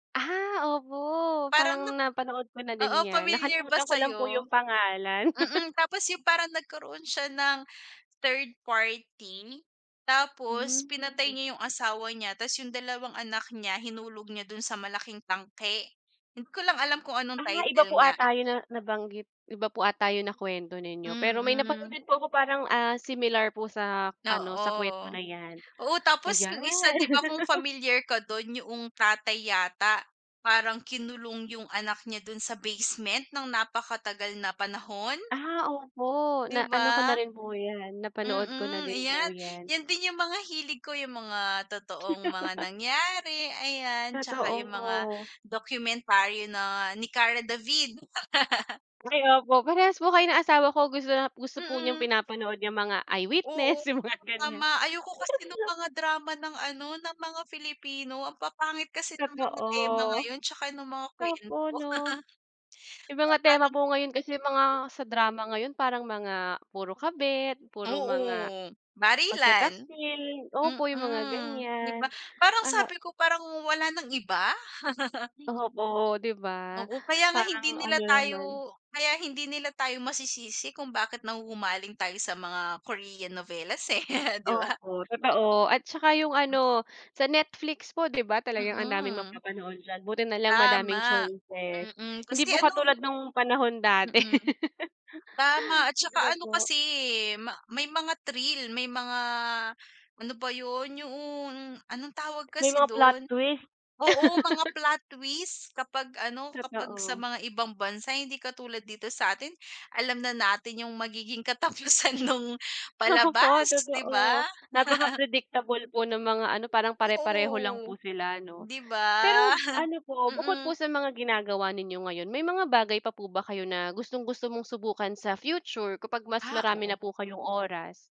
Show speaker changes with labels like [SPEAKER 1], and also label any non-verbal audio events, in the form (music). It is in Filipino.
[SPEAKER 1] Ah, opo
[SPEAKER 2] Parang
[SPEAKER 1] parang
[SPEAKER 2] nak
[SPEAKER 1] napanood ko na din
[SPEAKER 2] oo,
[SPEAKER 1] yan,
[SPEAKER 2] familiar ba
[SPEAKER 1] nakalimutan ko lang po
[SPEAKER 2] sayo?
[SPEAKER 1] yung pangalan.
[SPEAKER 2] Mm,
[SPEAKER 1] (chuckles)
[SPEAKER 2] tapos yung parang nagkaroon siya ng, third party, tapos
[SPEAKER 1] Hmm,
[SPEAKER 2] pinatay
[SPEAKER 1] mm.
[SPEAKER 2] niya yung asawa niya, tas yung dalawang anak niya hinulog niya dun sa malaking tangke, hindi ko lang alam kung anong
[SPEAKER 1] Ah, iba
[SPEAKER 2] title
[SPEAKER 1] po
[SPEAKER 2] niya.
[SPEAKER 1] ata yun na nabanggit iba po ata yung nakwento ninyo, pero may napanood
[SPEAKER 2] Mm.
[SPEAKER 1] din po ako parang, ah, similar po sa ano, sa
[SPEAKER 2] Oo,
[SPEAKER 1] kwento na yan.
[SPEAKER 2] oo, tapos yung isa,
[SPEAKER 1] Ayan.
[SPEAKER 2] di ba, kung
[SPEAKER 1] (laughs)
[SPEAKER 2] familiar ka dun yuong tatay yata, parang kinulong yung anak niya dun sa basement nang napakatagal na panahon.
[SPEAKER 1] Ah, opo
[SPEAKER 2] Di
[SPEAKER 1] na ano ko
[SPEAKER 2] ba?
[SPEAKER 1] na rin po yan, napanood ko na
[SPEAKER 2] Mm,
[SPEAKER 1] din po
[SPEAKER 2] ayan,
[SPEAKER 1] yan.
[SPEAKER 2] yan din yung mga hilig ko, yung mga totoong mga
[SPEAKER 1] (laughs)
[SPEAKER 2] nangyari ayan, tsaka yung mga
[SPEAKER 1] Totoo.
[SPEAKER 2] dokumentaryo na ni Karla David. (laughs)
[SPEAKER 1] Ay, opo, parehas po kayo ng asawa ko gusto na gusto po niyang
[SPEAKER 2] Mm.
[SPEAKER 1] pinapanood yang mga
[SPEAKER 2] Oo,
[SPEAKER 1] I-Witness, yung mga ganyan.
[SPEAKER 2] tama ayoko kasi nung
[SPEAKER 1] (unintelligible)
[SPEAKER 2] mga drama ng ano, ng mga Filipino ang papangit kasi ng mga tema
[SPEAKER 1] Totoo.
[SPEAKER 2] ngayon tsaka nung mga
[SPEAKER 1] Opo,
[SPEAKER 2] kwento. (laughs)
[SPEAKER 1] 'no? Yung mga tema
[SPEAKER 2] (unintelligible)
[SPEAKER 1] po ngayon kasi mga, sa drama ngayon parang mga puro kabit puro mga,
[SPEAKER 2] Oo, barilan.
[SPEAKER 1] pagtataksil opo, yung mga
[SPEAKER 2] Mm, di ba?
[SPEAKER 1] ganyan,
[SPEAKER 2] Parang
[SPEAKER 1] ano
[SPEAKER 2] sabi ko, "Parang wala nang iba?" (laughs)
[SPEAKER 1] Opo, di ba?
[SPEAKER 2] Oo, kaya nga
[SPEAKER 1] Parang
[SPEAKER 2] hindi
[SPEAKER 1] ano
[SPEAKER 2] nila tayo
[SPEAKER 1] naman.
[SPEAKER 2] kaya hindi nila tayo masisisi kung bakit nahuhumaling tayo sa mga Korean novelas, eh, (chuckles) di ba?
[SPEAKER 1] Opo, totoo at tsaka yung
[SPEAKER 2] Hmm s
[SPEAKER 1] ano, sa Netflix po, di ba, talagang ang daming
[SPEAKER 2] Mm.
[SPEAKER 1] magpapanood diyan buti na lang madaming
[SPEAKER 2] Tama,
[SPEAKER 1] choices,
[SPEAKER 2] mm,
[SPEAKER 1] hindi
[SPEAKER 2] kasi
[SPEAKER 1] po katulad
[SPEAKER 2] ano.
[SPEAKER 1] nung panahon dati.
[SPEAKER 2] Mm, tama at
[SPEAKER 1] (laughs) Di ba,
[SPEAKER 2] tsaka ano
[SPEAKER 1] po?
[SPEAKER 2] kasi, eh, ma may mga thrill, may mga ano ba yun? Yuong anong tawag
[SPEAKER 1] May
[SPEAKER 2] kasi
[SPEAKER 1] mga plot
[SPEAKER 2] doon
[SPEAKER 1] twist.
[SPEAKER 2] oo, mga
[SPEAKER 1] (laughs)
[SPEAKER 2] plot twist, kapag ano, kapag sa
[SPEAKER 1] Totoo.
[SPEAKER 2] mga ibang bansa hindi katulad dito sa'tin, alam na natin yung magiging katapusan nung
[SPEAKER 1] Opo
[SPEAKER 2] palabas, di ba?
[SPEAKER 1] totoo, napaka-predictable po ng mga ano, parang pare-pareho lang
[SPEAKER 2] Oo,
[SPEAKER 1] po sila, no?
[SPEAKER 2] di ba?
[SPEAKER 1] Pero
[SPEAKER 2] (chuckles)
[SPEAKER 1] ano po bukod po
[SPEAKER 2] Mm.
[SPEAKER 1] sa mga ginagawa ninyo ngayon, may mga bagay pa po ba kayo na, gustong-gusto mong subukan sa future, kapag mas
[SPEAKER 2] Ah,
[SPEAKER 1] marami
[SPEAKER 2] oo.
[SPEAKER 1] na po kayong oras?